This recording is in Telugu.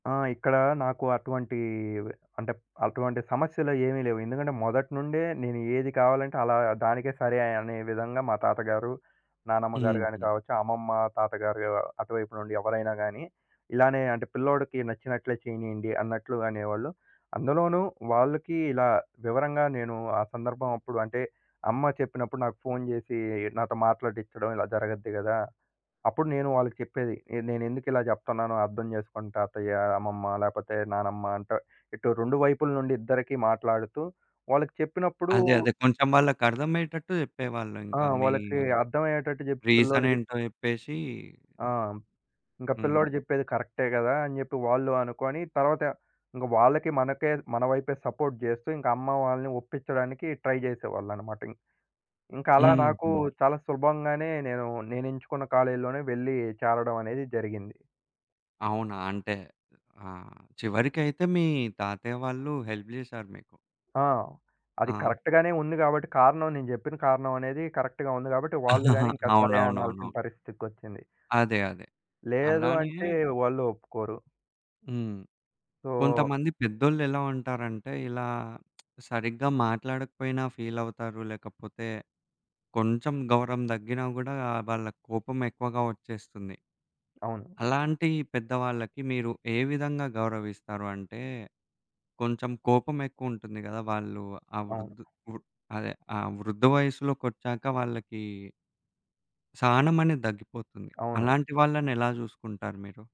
ఆ! ఇక్కడ నాకు అటువంటీ వే అంటే అటువంటి సమస్యలయేవి లేవు. ఎందుకంటే మొదటి నుండే నేను ఏది కావాలంటే అలా దానికే సరే అనే విధంగా మా తాతగారు, నానమ్మగారు గాని హుహు. కావచ్చు, అమ్మమ్మ తాతగారు యవ్ అటువైపు నుండి ఎవ్వరైనా గానీ, ఇలానే అంటే పిల్లోడికి నచ్చినట్లే చేయనీయండి అన్నట్లు అనేవాళ్ళు. అందులోనూ వాళ్ళకి ఇలా వివరంగా నేను ఆ సందర్భమాప్పుడు అంటే, అమ్మ చెప్పినప్పుడు నాకు ఫోను జేసి నాతో మాట్లాడిచ్చడం ఇలా జరగద్ది గదా! అప్పుడు నేను వాళ్ళకి చెప్పేది ఈడ నేనెందుకు ఇలా జెప్తన్నానో అర్థం జేసుకోండి తాతయ్య, అమ్మమ్మ లేకపోతే నానమ్మ అంటా. ఇటు 2 వైపుల నుండి ఇద్దరికీ మాట్లాడుతూ వాళ్ళకి చెప్పినప్పుడు అదే అదే కొంచెం వాళ్ళకర్థమయ్యేటట్టు ఆ! జెప్పేవాళ్ళింక మీ వాళ్ళకి అర్థమయ్యేటట్టు జెప్ పిల్లోడుకి రీజనేంటో జెప్పేసీ ఆ! ఇంక హ్మ్. పిల్లోడు జెప్పేది కరెక్టే గదా! అని జెప్పి వాళ్ళు అనుకోని తరవాత ఇంగ వాళ్ళకి మనకే మన వైపే సపోర్ట్ జేస్తూ, ఇంక అమ్మ వాళ్ళని ఒప్పిచ్చడానికి ట్రై జేసేవాళ్ళన‌మాట ఇం ఇంక అలా నాకు హుహు. చాలా సులభంగానే నేను నేనెంచుకున్న కాలేజ్‌లోనే వెళ్లి చేరడమనేది జరిగింది. అవునా? అంటే ఆహ్, చివ్వరికైతే మీ తాతయ్య వాళ్ళు హెల్ప్ జేశారు మీకు. ఆ! అది ఆ! కరెక్ట్‌గానే ఉంది గాబట్టి, కారణం నేను జెప్పిన కారణమనేది కరెక్ట్‌గా ఉంది. గాబట్టి, వాళ్ళు గాని ఇంకా సరే అవునవునవును. అనాల్సిన పరిస్థితోచ్చింది. అదే. అదే. లేదు అలానే అంటే వాళ్ళు ఒప్పుకోరు. హ్మ్. సో కొంతమంది పెద్దోళ్లెలా ఉంటారంటే ఇలా సరిగ్గా మాట్లాడకపోయినా ఫీలవుతారు లేకపోతే కొంచెం గౌరవం దగ్గినా గూడా వాళ్ళకి కోపమెక్కువగా ఒచ్చేస్తుంది. అవును. అలాంటి పెద్దవాళ్ళకి మీరు ఏ విధంగా గౌరవిస్తారు? అంటే కొంచెం కోపమెక్కువుంటుంది గదా! వాళ్ళు ఆ అవును. వృధ్ వృ అదే ఆ వృద్ధ వయస్సులోకొచ్చాక వాళ్ళకి... సహనమనేది దగ్గిపోతుంది. అవును. అలాంటి వాళ్ళనెలా జూసుకుంటారు మీరు?